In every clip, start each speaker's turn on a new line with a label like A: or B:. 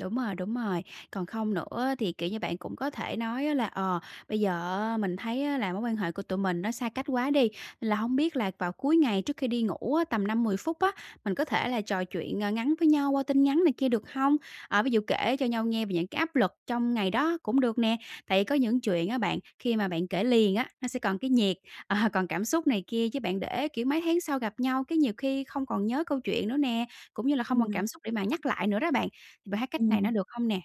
A: Đúng rồi, đúng rồi. Còn không nữa á thì, kiểu như, bạn cũng có thể nói là "Ờ, bây giờ á, mình thấy á là mối quan hệ của tụi mình nó xa cách quá đi, nên là hông biết là vào cuối ngày trước khi đi ngủ á, tầm 5-10 phút á, mình có thể là trò chuyện, ơ, ngắn với nhau qua tin nhắn này kia, được hông?" À, ví dụ kể cho nhau nghe về những cái áp lực trong ngày đó cũng được nè. Tại vì có những chuyện á bạn khi mà bạn kể liền á, nó sẽ còn cái nhiệt, ờ, còn cảm xúc này kia, chứ bạn để, kiểu, mấy tháng sau gặp nhau cái nhiều khi không còn nhớ câu chuyện nữa nè, cũng như là không còn
B: Ừm.
A: cảm xúc để mà nhắc lại nữa đó bạn. Thì bạn thấy cách này nó
B: Ừm.
A: được hông nè?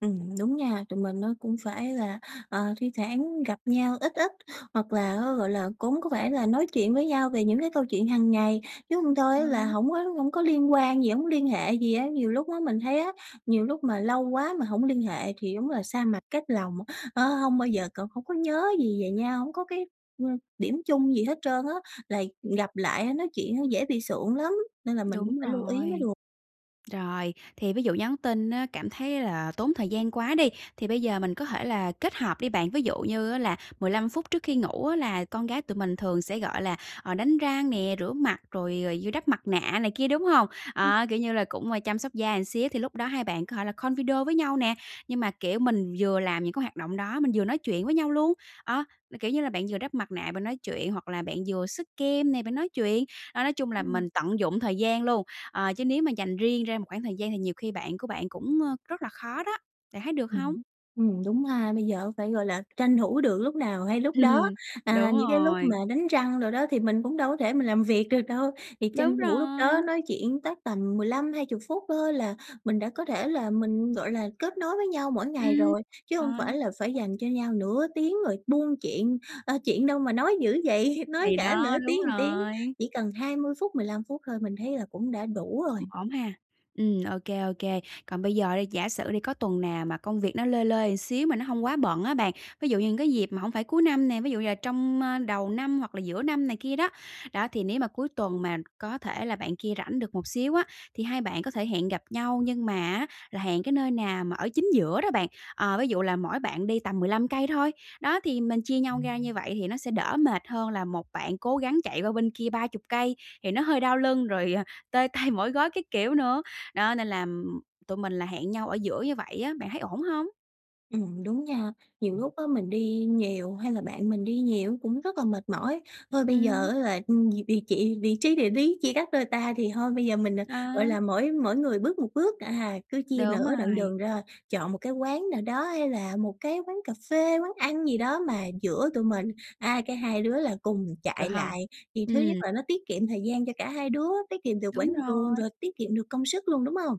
B: Ừm, đúng nha, tụi mình nó cũng phải là, ờ, thi thoảng gặp nhau ít ít, hoặc là á, gọi là, cũng có vẻ là nói chuyện với nhau về những cái câu chuyện hàng ngày, chứ hông thôi
A: Ờ.
B: á là hổng có hổng có liên quan gì, hổng có liên hệ gì á. Nhiều lúc á mình thấy á nhiều lúc mà lâu quá mà hổng liên hệ thì đúng là xa mặt cách lòng, ờ, hông bao giờ c hông có nhớ gì về nhau, hổng có cái, ơ, điểm chung gì hết trơn á, là gặp lại nói chuyện nó dễ bị sượng lắm nên là mình cũng
A: Đúng
B: phải lưu ý mới
A: rồi.
B: được.
A: Rồi, thì ví dụ nhắn tin á cảm thấy là tốn thời gian quá đi, thì bây giờ mình có thể là kết hợp đi bạn, ví dụ như á là 15 phút trước khi ngủ á là con gái tụi mình thường sẽ, gọi là, ờ, đánh răng nè, rửa mặt rồi, ờ, vừa đắp mặt nạ này kia, đúng hông?
B: Ừm.
A: À, kiểu như là, cũng chăm sóc da một xíu thì lúc đó hai bạn có thể là call video với nhau nè, nhưng mà, kiểu, mình vừa làm những cái hoạt động đó, mình vừa nói chuyện với nhau luôn. Ờ, kiểu như là, bạn vừa đắp mặt nạ bạn nói chuyện, hoặc là bạn vừa xức kem nè, bạn nói chuyện, đó, nói chung là
B: Ừm.
A: mình tận dụng thời gian luôn. Ờ, chứ nếu mà dành riêng ra một khoảng thời gian thì nhiều khi bạn của bạn cũng, ơ, rất là khó đó, bạn thấy được
B: Ừm
A: hông?
B: hứm, ừm, đúng ha, bây giờ phải, gọi là, tranh thủ được lúc nào hay lúc đó.
A: Ừm.
B: À,
A: Đúng
B: những cái lúc mà
A: rồi.
B: đánh răng đồ đó thì mình cũng đâu có thể mình làm việc được đâu, thì
A: Đúng
B: tranh thủ lúc đó
A: rồi!
B: nói chuyện tắc tầm 15, 20 phút thôi là mình đã có thể là mình, gọi là, kết nối với nhau mỗi ngày
A: Ừm,
B: rồi. Chứ hông phải
A: rồi.
B: là phải dành cho nhau nửa tiếng rồi buôn chuyện, ờ, chuyện đâu mà nói dữ vậy, nói
A: Thì
B: cả
A: đó,
B: nửa
A: đúng
B: tiếng một tiếng.
A: rồi.
B: Chỉ cần 20 phút, 15 phút thôi mình thấy là cũng đã đủ rồi.
A: Ổn ha. Ừm, ô kê, ô kê. Còn bây giờ đi, giả sử đi, có tuần nào mà công việc nó lơi lơi một xíu nó hông quá bận á bạn, ví dụ như những cái dịp mà hổng phải cuối năm nè, ví dụ như là trong, ơ, đầu năm hoặc là giữa năm này kia đó. Đó, thì nếu mà cuối tuần mà có thể là bạn kia rảnh được một xíu á, thì hai bạn có thể hẹn gặp nhau nhưng mà á, là hẹn cái nơi nào mà ở chính giữa đó bạn, ờ, ví dụ là mỗi bạn đi tầm 15 cây thôi. Đó, thì mình chia nhau ra như vậy thì nó sẽ đỡ mệt hơn là một bạn cố gắng chạy qua bên kia 30 cây thì nó hơi đau lưng, rồi, ờ, tê tay, mỏi gối các kiểu nữa, đó, nên là tụi mình là hẹn nhau ở giữa như vậy á, bạn thấy ổn hông?
B: Ừm, đúng nha. Nhiều lúc á mình đi nhiều hay là bạn mình đi nhiều cũng rất là mệt mỏi, thôi bây giờ
A: Ừm.
B: á là, ừm, vì chỉ vị trí địa lý chia cắt đôi ta thì thôi bây giờ mình, gọi
A: Ờ.
B: là, mỗi mỗi người bước một bước, à, cứ chia
A: Đúng
B: nửa đoạn
A: rồi.
B: đường ra, chọn một cái quán nào đó hay là một cái quán cà phê, quán ăn gì đó mà giữa tụi mình. À, cái hai đứa là cùng
A: Được
B: chạy
A: hông?
B: lại thì thứ nhất
A: Ừm.
B: là nó tiết kiệm thời gian cho cả hai đứa, tiết kiệm được quãng
A: Đúng
B: đường
A: rồi.
B: rồi tiết kiệm được công sức luôn, đúng hông?